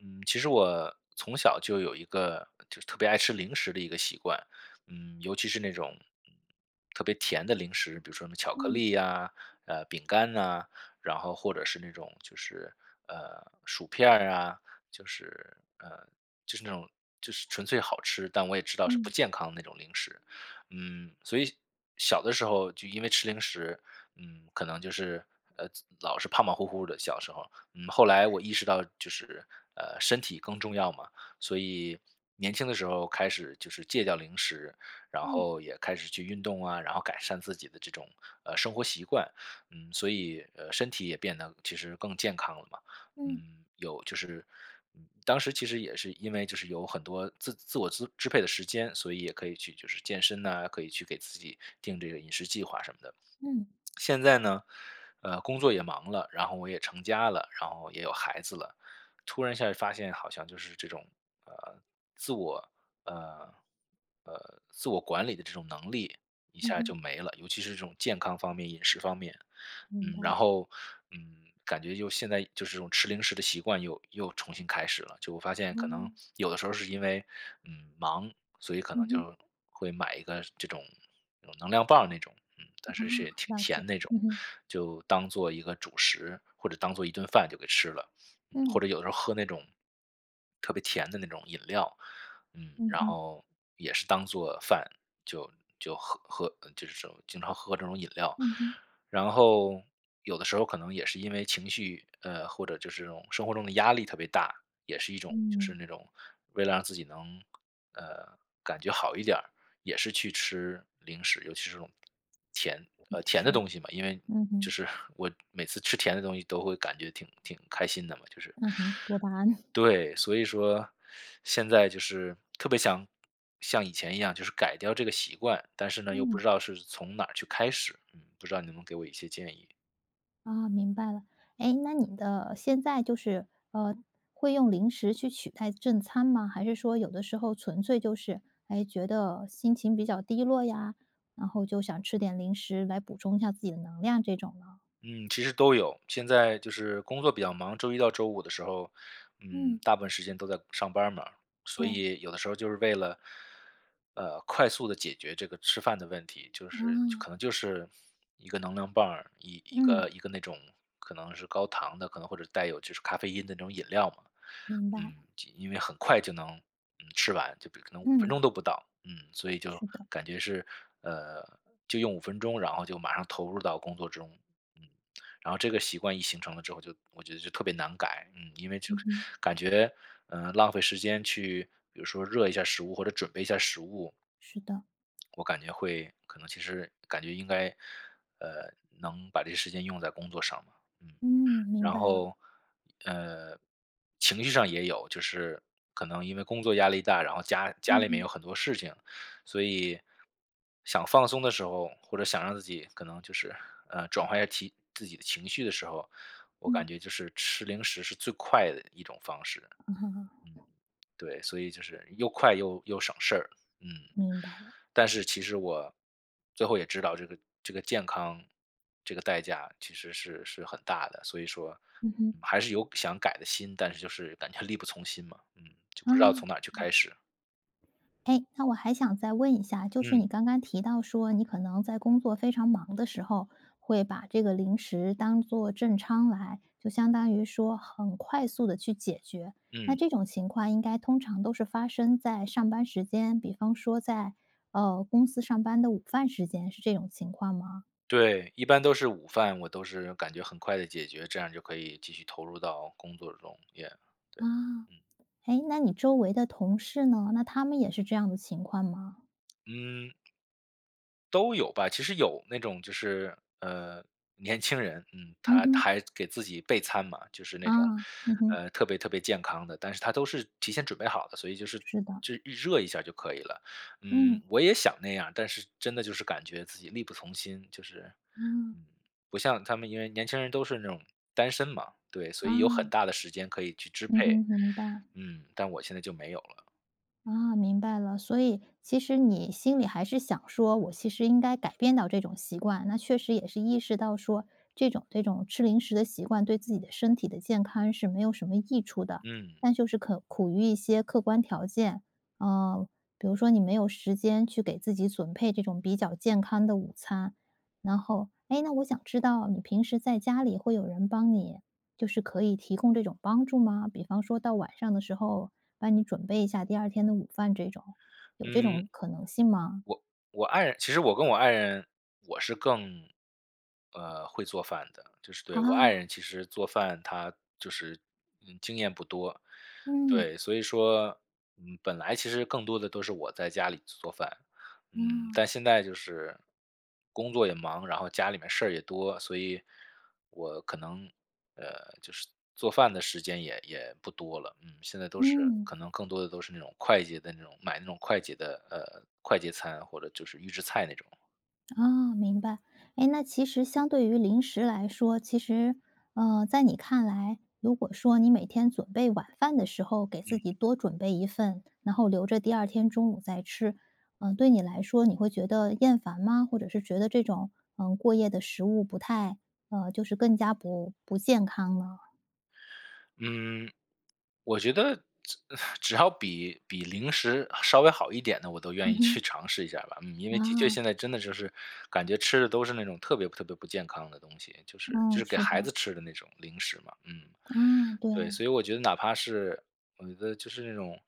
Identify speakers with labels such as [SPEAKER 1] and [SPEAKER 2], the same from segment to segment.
[SPEAKER 1] 嗯，其实我从小就有一个，就是特别爱吃零食的一个习惯。嗯，尤其是那种，嗯，特别甜的零食，比如说那巧克
[SPEAKER 2] 嗯。
[SPEAKER 1] 力啊，呃，饼干啊，然后或者是那种就是，呃，薯片儿啊。就是，呃，就是那种就是纯粹好吃，但我也知道是不
[SPEAKER 2] 嗯。
[SPEAKER 1] 健康的那种零食。嗯，所以小的时候就因为吃零食，嗯，可能就是，呃，老是胖胖乎乎的小时候。嗯，后来我意识到就是，呃，身体更重要嘛，所以年轻的时候开始就是戒掉零食，然
[SPEAKER 2] 嗯。
[SPEAKER 1] 后也开始去运动啊，然后改善自己的这种，呃，生活习惯。嗯，所以，呃，身体也变得其实更健康了嘛。
[SPEAKER 2] 嗯。
[SPEAKER 1] 嗯，有就是，嗯，当时其实也是因为就是有很多自自我支支配的时间，所以也可以去就是健身呐，可以去给自己定这个饮食计划什么的。
[SPEAKER 2] 嗯。
[SPEAKER 1] 现在呢，呃，工作也忙了，然后我也成家了，然后也有孩子了，突然一下就发现好像就是这种，呃，自我，呃，呃，自我管理的这种能力一
[SPEAKER 2] 嗯
[SPEAKER 1] 下
[SPEAKER 2] 哼。
[SPEAKER 1] 就没了，尤其是这种健康方面，饮食方面。
[SPEAKER 2] 明
[SPEAKER 1] 嗯，然
[SPEAKER 2] 白。
[SPEAKER 1] 后，嗯，感觉就现在就是这种吃零食的习惯又又重新开始了，就我发现可能
[SPEAKER 2] 哦。
[SPEAKER 1] 有的时候是因为，嗯，忙，所以可能
[SPEAKER 2] 嗯哼。
[SPEAKER 1] 就会买一个这种，嗯，能量棒那种。嗯，
[SPEAKER 2] 哦，
[SPEAKER 1] 但是是挺
[SPEAKER 2] 了
[SPEAKER 1] 甜
[SPEAKER 2] 解，
[SPEAKER 1] 的那种，
[SPEAKER 2] 嗯哼。
[SPEAKER 1] 就当做一个主食，或者当做一顿饭就给吃了。或
[SPEAKER 2] 嗯。
[SPEAKER 1] 者有时候喝那种，特别甜的那种饮料，嗯，
[SPEAKER 2] 嗯
[SPEAKER 1] 然
[SPEAKER 2] 哼。
[SPEAKER 1] 后也是当做饭就就喝喝，就这种经常喝这种饮料。
[SPEAKER 2] 嗯哼。
[SPEAKER 1] 然后有的时候可能也是因为情绪，呃，或者就是这种生活中的压力特别大，也是一种就是
[SPEAKER 2] 嗯。
[SPEAKER 1] 那种为了让自己能，呃，感觉好一点儿，也是去吃零食，尤其是那种，甜，
[SPEAKER 2] 也
[SPEAKER 1] 呃，甜的
[SPEAKER 2] 是，
[SPEAKER 1] 东西嘛，因为
[SPEAKER 2] 嗯
[SPEAKER 1] 就
[SPEAKER 2] 哼。
[SPEAKER 1] 是 我每次吃甜的东西都会感觉挺挺开心的嘛，就是
[SPEAKER 2] 嗯哼，多巴胺。
[SPEAKER 1] 对，所以说 现在就是特别想像以前一样，就是改掉这个习惯，但是呢，又不
[SPEAKER 2] 嗯。
[SPEAKER 1] 知道是从哪儿去开始，嗯，不知道你能不能给我一些建议？
[SPEAKER 2] 哦，明白了。哎，那你的现在就是，呃，会用零食去取代正餐吗？还是说有的时候纯粹就是，哎，觉得心情比较低落呀，然后就想吃点零食来补充一下自己的能量这种呢？
[SPEAKER 1] 嗯，其实都有，现在就是工作比较忙，周一到周五的时候，嗯，
[SPEAKER 2] 嗯。
[SPEAKER 1] 大部分时间都在上班儿嘛。所
[SPEAKER 2] 对。
[SPEAKER 1] 以有的时候就是为了，呃，快速地解决这个吃饭的问题，就是
[SPEAKER 2] 啊。
[SPEAKER 1] 可能就是一个能量棒，一一
[SPEAKER 2] 嗯。
[SPEAKER 1] 个一个那种可能是高糖的可能或者带有就是咖啡因的那种饮料嘛，
[SPEAKER 2] 明白。
[SPEAKER 1] 嗯，因为很快就能，嗯，吃完，就可能5分钟
[SPEAKER 2] 嗯。
[SPEAKER 1] 都不到，嗯，所以就
[SPEAKER 2] 是的。
[SPEAKER 1] 感觉是，呃，就用5分钟，然后就马上投入到工作中。嗯，然后这个习惯一形成了之后，就这我觉得就特别难改，嗯，因为就
[SPEAKER 2] 嗯哼。
[SPEAKER 1] 感觉，呃，浪费时间去比如说热一下食物或者准备一下食物。
[SPEAKER 2] 是的。
[SPEAKER 1] 我感觉会可能其实感觉应该，呃，能把这个时间用在工作上嘛。嗯，
[SPEAKER 2] 嗯，明
[SPEAKER 1] 然
[SPEAKER 2] 白了。
[SPEAKER 1] 后，呃，情绪上也有，就是可能因为工作压力大，然后家家
[SPEAKER 2] 嗯
[SPEAKER 1] 里面
[SPEAKER 2] 哼。
[SPEAKER 1] 有很多事情，所以想放松的时候，或者想让自己可能就是，呃，转换一下提自己的情绪的时候，我感
[SPEAKER 2] 嗯。
[SPEAKER 1] 觉就是吃零食是最快的一种方式。嗯，对，所以就是又快又又省事，嗯。
[SPEAKER 2] 明白了。
[SPEAKER 1] 但是其实我最后也知道这个这个健康这个代价其实是是很大的，所以说
[SPEAKER 2] 嗯哼。
[SPEAKER 1] 还是有想改的心，但是就是感觉力不从心嘛，呃，就
[SPEAKER 2] 啊，
[SPEAKER 1] 不知道从哪儿去
[SPEAKER 2] 明
[SPEAKER 1] 开
[SPEAKER 2] 白。
[SPEAKER 1] 始。
[SPEAKER 2] 哎，那我还想再问一下，就是
[SPEAKER 1] 嗯。
[SPEAKER 2] 你刚刚提到说你可能在工作非常忙的时候，会把这个零食当做正餐来，就相当于说很快速地去解决。那
[SPEAKER 1] 嗯。
[SPEAKER 2] 这种情况应该通常都是发生在上班时间，比方说在，呃，公司上班的午饭时间是这种情况吗？
[SPEAKER 1] 对，一般都是午饭，我都是感觉很快地解决，这样就可以继续投入到工作中也对，
[SPEAKER 2] 啊，
[SPEAKER 1] 嗯。
[SPEAKER 2] 哎，那你周围的同事呢？那他们也是这样的情况吗？
[SPEAKER 1] 嗯。都有吧，其实有那种就是，呃，年轻人，嗯，
[SPEAKER 2] 嗯
[SPEAKER 1] 他他
[SPEAKER 2] 哼。
[SPEAKER 1] 还给自己备餐嘛，就是那种，
[SPEAKER 2] 啊，嗯哼。
[SPEAKER 1] 呃，特别特别健康的，但是他都是提前准备好的，所以就是
[SPEAKER 2] 是的。
[SPEAKER 1] 就热一下就可以了，嗯，
[SPEAKER 2] 嗯。
[SPEAKER 1] 我也想那样，但是真的就是感觉自己力不从心，就是，
[SPEAKER 2] 嗯。
[SPEAKER 1] 嗯，不像他们因为年轻人都是那种单身嘛，对，所以有很
[SPEAKER 2] 啊。
[SPEAKER 1] 大的时间可以去支
[SPEAKER 2] 嗯
[SPEAKER 1] 配，
[SPEAKER 2] 哼，明白。
[SPEAKER 1] 嗯，但我现在就没有了。
[SPEAKER 2] 啊，明白了，所以其实你心里还是想说，我其实应该改变到这种习惯。那确实也是意识到说，这种这种吃零食的习惯，对自己的身体的健康是没有什么益处的，
[SPEAKER 1] 嗯。
[SPEAKER 2] 但就是可苦于一些客观条件，呃，比如说你没有时间，去给自己准备这种比较健康的午餐。然后诶，那我想知道你平时在家里，会有人帮你就是可以提供这种帮助吗？比方说到晚上的时候，帮你准备一下第2天的午饭这种，有这
[SPEAKER 1] 嗯。
[SPEAKER 2] 种可能性吗？
[SPEAKER 1] 我我爱人其实我跟我爱人，我是更呃，会做饭的。就是对我爱
[SPEAKER 2] 哦。
[SPEAKER 1] 人其实做饭她就是，嗯，经验不多。
[SPEAKER 2] 嗯。
[SPEAKER 1] 对，所以说嗯，本来其实更多地都是我在家里做做饭。嗯。
[SPEAKER 2] 啊。
[SPEAKER 1] 但现在就是工作也忙，然后家里面事儿也多，所以我可能呃，就是做饭的时间也也不多了。嗯，现在都是
[SPEAKER 2] 嗯。
[SPEAKER 1] 可能更多地都是那种快捷的那种买那种快捷的呃，快捷餐或者就是预制菜那种。
[SPEAKER 2] 哦，明白。诶，那其实相对于零食来说，其实，呃，在你看来，如果说你每天准备晚饭的时候给自
[SPEAKER 1] 嗯。
[SPEAKER 2] 己多准备一份，然后留着第2天中午再吃，呃，对你来说你会觉得厌烦吗？或者是觉得这种，嗯，过夜的食物不太呃，就是更加不不健康了。
[SPEAKER 1] 嗯，我觉得 只要比比零食稍微好一点的，我都
[SPEAKER 2] 嗯
[SPEAKER 1] 愿意
[SPEAKER 2] 哼。
[SPEAKER 1] 去尝试一下吧，嗯，因为的确
[SPEAKER 2] 啊。
[SPEAKER 1] 现在真的就是感觉吃的都是那种特别特别不健康的东西，就是就
[SPEAKER 2] 嗯，
[SPEAKER 1] 是给
[SPEAKER 2] 是
[SPEAKER 1] 孩
[SPEAKER 2] 的。
[SPEAKER 1] 子吃的那种零食嘛，嗯。
[SPEAKER 2] 啊，
[SPEAKER 1] 对，
[SPEAKER 2] 对。
[SPEAKER 1] 所以我觉得哪怕是我觉得就是那种，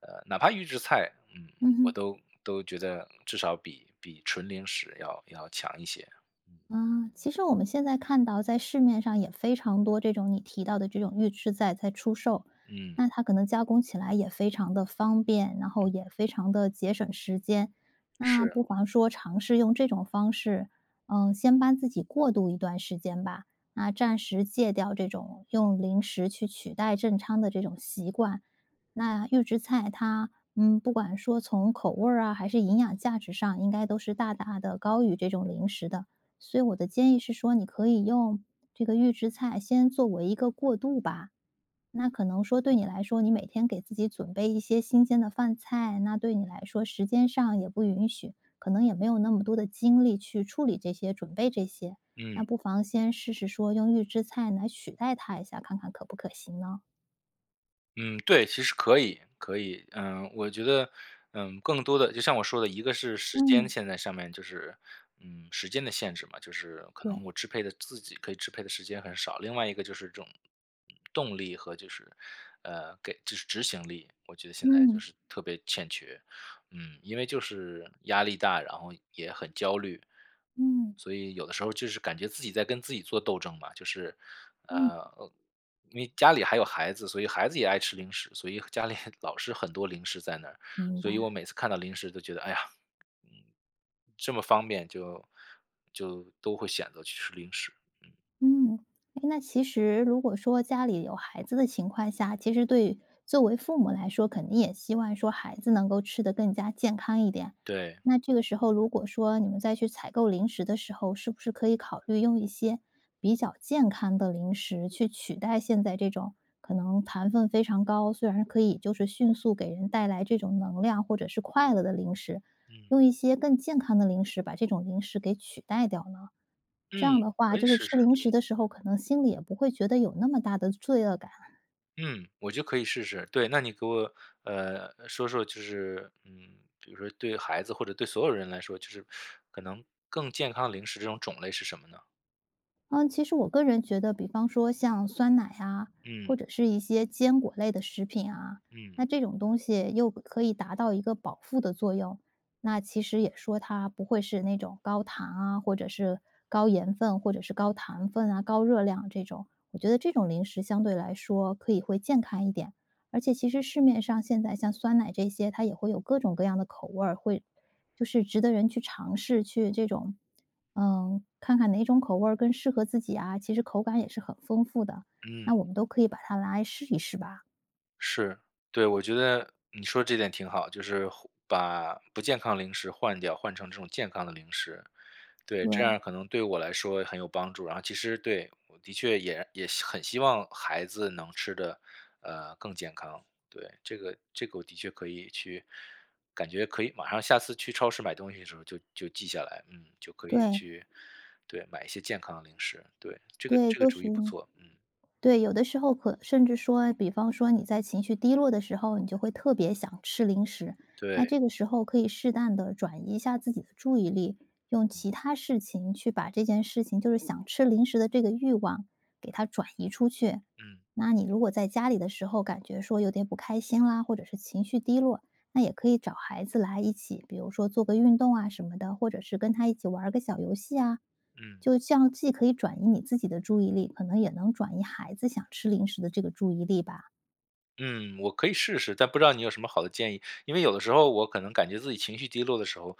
[SPEAKER 1] 呃哪怕预制菜，嗯，
[SPEAKER 2] 嗯
[SPEAKER 1] 我
[SPEAKER 2] 哼。
[SPEAKER 1] 都都觉得至少比比纯零食要要强一些。嗯。
[SPEAKER 2] 啊，其实我们现在看到在市面上也非常多这种你提到的这种预制菜在出售，
[SPEAKER 1] 嗯。
[SPEAKER 2] 那它可能加工起来也非常地方便，然后
[SPEAKER 1] 嗯。
[SPEAKER 2] 也非常地节省时间。那
[SPEAKER 1] 是。
[SPEAKER 2] 不妨说尝试用这种方式，嗯，先帮自己过渡一段时间吧，那暂时戒掉这种用零食去取代正餐的这种习惯。那预制菜它，嗯，不管说从口味儿啊还是营养价值上，应该都是大大地高于这种零食的，所以我的建议是说你可以用这个预制菜先作为一个过渡吧。那可能说对你来说，你每天给自己准备一些新鲜的饭菜，那对你来说时间上也不允许，可能也没有那么多的精力去处理这些，准备这些，那
[SPEAKER 1] 嗯。
[SPEAKER 2] 不妨先试试说用预制菜来取代它一下，看看可不可行呢？
[SPEAKER 1] 嗯，对，其实可以可以，呃，我觉得，呃。更多的就像我说的一个是时间
[SPEAKER 2] 嗯。
[SPEAKER 1] 现在上面就是，嗯，时间的限制嘛，就是可能
[SPEAKER 2] 对。
[SPEAKER 1] 我支配的自己可以支配的时间很少。另外一个就是这种，动力和就是，呃，给就是执行力，我觉得现在就
[SPEAKER 2] 嗯。
[SPEAKER 1] 是特别欠缺。嗯，因为就是压力大，然后也很焦虑，
[SPEAKER 2] 嗯。
[SPEAKER 1] 所以有的时候就是感觉自己在跟自己做斗争嘛。就是，
[SPEAKER 2] 嗯。
[SPEAKER 1] 呃，因为家里还有孩子，所以孩子也爱吃零食。所以家里老是很多零食在那，
[SPEAKER 2] 明
[SPEAKER 1] 所以我
[SPEAKER 2] 白。
[SPEAKER 1] 每次看到零食都觉得，哎呀，嗯。这么方便就就都会选择去吃零食。
[SPEAKER 2] 嗯，诶，那其实如果说家里有孩子的情况下，其实对作为父母来说，肯定也希望说孩子能够吃得更加健康一点。
[SPEAKER 1] 对。
[SPEAKER 2] 那这个时候如果说你们再去采购零食的时候，是不是可以考虑用一些比较健康的零食去取代现在这种可能糖分非常高，虽然可以就是迅速给人带来这种能量或者是快乐的零食。
[SPEAKER 1] 嗯。
[SPEAKER 2] 用一些更健康的零食把这种零食给取代掉呢？这
[SPEAKER 1] 嗯，
[SPEAKER 2] 样的话
[SPEAKER 1] 可以
[SPEAKER 2] 就是
[SPEAKER 1] 试
[SPEAKER 2] 吃
[SPEAKER 1] 试，
[SPEAKER 2] 零食
[SPEAKER 1] 嗯。
[SPEAKER 2] 的时候，可能心里也不会觉得有那么大的罪恶感。
[SPEAKER 1] 嗯，我就可以试试，对，那你给我，呃，说说就是，嗯，比如说对于孩子或者对所有人来说，就是可能更健康的零食，这种种类是什么呢？
[SPEAKER 2] 呃，其实我个人觉得比方说像酸奶啊，或
[SPEAKER 1] 嗯。
[SPEAKER 2] 者是一些坚果类的食品啊，
[SPEAKER 1] 嗯。
[SPEAKER 2] 那这种东西又可以达到一个保护的作用。那其实也说它不会是那种高糖啊，或者是高盐分，或者是高糖分啊，高热量这种。我觉得这种零食相对来说可以会健康一点，而且其实市面上现在像酸奶这些，它也会有各种各样的口味儿，会就是值得人去尝试，去这种，嗯，看看哪种口味更适合自己啊，其实口感也是很丰富的，
[SPEAKER 1] 嗯。
[SPEAKER 2] 那我们都可以把它拿来试一试吧。
[SPEAKER 1] 是，对，我觉得你说的这点挺好，就是把不健康的零食换掉，换成这种健康的零食。对，这样可
[SPEAKER 2] 对。
[SPEAKER 1] 能对我来说很有帮助，然后其实对，我的确也也很希望孩子能吃的，呃，更健康，对，这个这个我的确可以去，感觉可以马上下次去超市买东西的时候就就记下来。嗯，就可以
[SPEAKER 2] 对。
[SPEAKER 1] 去，对，买一些健康的零食，对，这个
[SPEAKER 2] 对，
[SPEAKER 1] 这个
[SPEAKER 2] 都
[SPEAKER 1] 主
[SPEAKER 2] 食
[SPEAKER 1] 意不
[SPEAKER 2] 用，
[SPEAKER 1] 错，嗯。
[SPEAKER 2] 对，有的时候可甚至说，比方说你在情绪低落的时候，你就会特别想吃零食，那
[SPEAKER 1] 对。
[SPEAKER 2] 这个时候可以适当的转移一下自己的注意力，用
[SPEAKER 1] 嗯。
[SPEAKER 2] 其它事情去把这件事情就是想吃零食的这个欲望给它转移出去。
[SPEAKER 1] 嗯。
[SPEAKER 2] 那你如果在家里的时候感觉说有点不开心啦，或者是情绪低落，那也可以找孩子来一起，比如说做个运动啊什么的，或者是跟他一起玩个小游戏啊。
[SPEAKER 1] 嗯。
[SPEAKER 2] 就这样既可以转移你自己的注意力，可能也能转移孩子想吃零食的这个注意力吧。
[SPEAKER 1] 嗯，我可以试试，但不知道你有什么好的建议，因为有的时候我可能感觉自己情绪低落的时候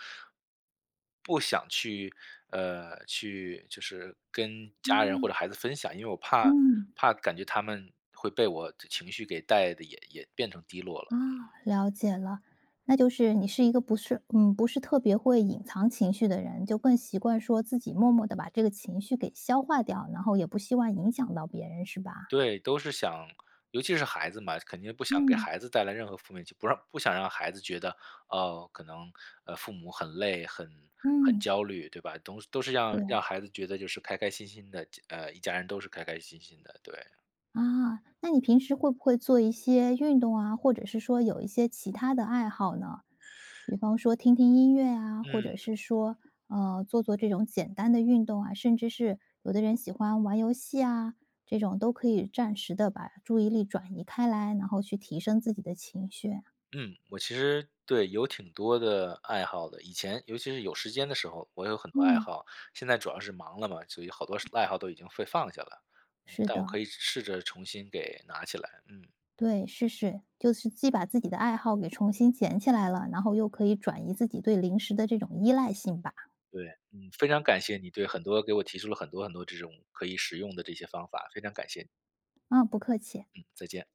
[SPEAKER 1] 不想去，呃，去就是跟家人或
[SPEAKER 2] 嗯。
[SPEAKER 1] 者孩子分享，因为我怕
[SPEAKER 2] 嗯。
[SPEAKER 1] 怕感觉他们会被我的情绪给带得也也变成低落
[SPEAKER 2] 啊，
[SPEAKER 1] 了。嗯。
[SPEAKER 2] 了解了。那就是你是一个不是嗯，不是特别会隐藏情绪的人。就更习惯说自己默默地把这个情绪给消化掉，然后也不希望影响到别人是吧？
[SPEAKER 1] 对，都是想，尤其是孩子嘛，肯定不想给
[SPEAKER 2] 嗯。
[SPEAKER 1] 孩子带来任何负面，就不让不想让孩子觉得，呃，可能，呃，父母很累，很很
[SPEAKER 2] 嗯。
[SPEAKER 1] 焦虑，对吧？都是都是让
[SPEAKER 2] 对。
[SPEAKER 1] 让孩子觉得就是开开心心的，呃，一家人都是开开心心的，对。
[SPEAKER 2] 啊，那你平时会不会做一些运动啊，或者是说有一些其它的爱好呢？比方说听听音乐啊，或者
[SPEAKER 1] 嗯。
[SPEAKER 2] 是说，呃，做做这种简单的运动啊。甚至是有的人喜欢玩游戏啊，这种都可以暂时地把注意力转移开来，然后去提升自己的情绪。
[SPEAKER 1] 嗯，我其实对，有挺多的爱好的。以前尤其是有时间的时候，我有很多爱
[SPEAKER 2] 嗯。
[SPEAKER 1] 好。现在主要是忙了嘛，所以好多爱好都已经被放下了。
[SPEAKER 2] 是
[SPEAKER 1] 但我
[SPEAKER 2] 的。
[SPEAKER 1] 可以试着重新给拿起来，嗯。
[SPEAKER 2] 对，是是，就是既把自己的爱好给重新捡起来了，然后又可以转移自己对零食的这种依赖性吧。
[SPEAKER 1] 对，嗯，非常感谢你对很多给我提出了很多很多这种可以使用的这些方法，非常感谢你。
[SPEAKER 2] 嗯，不客气。
[SPEAKER 1] 嗯，再见。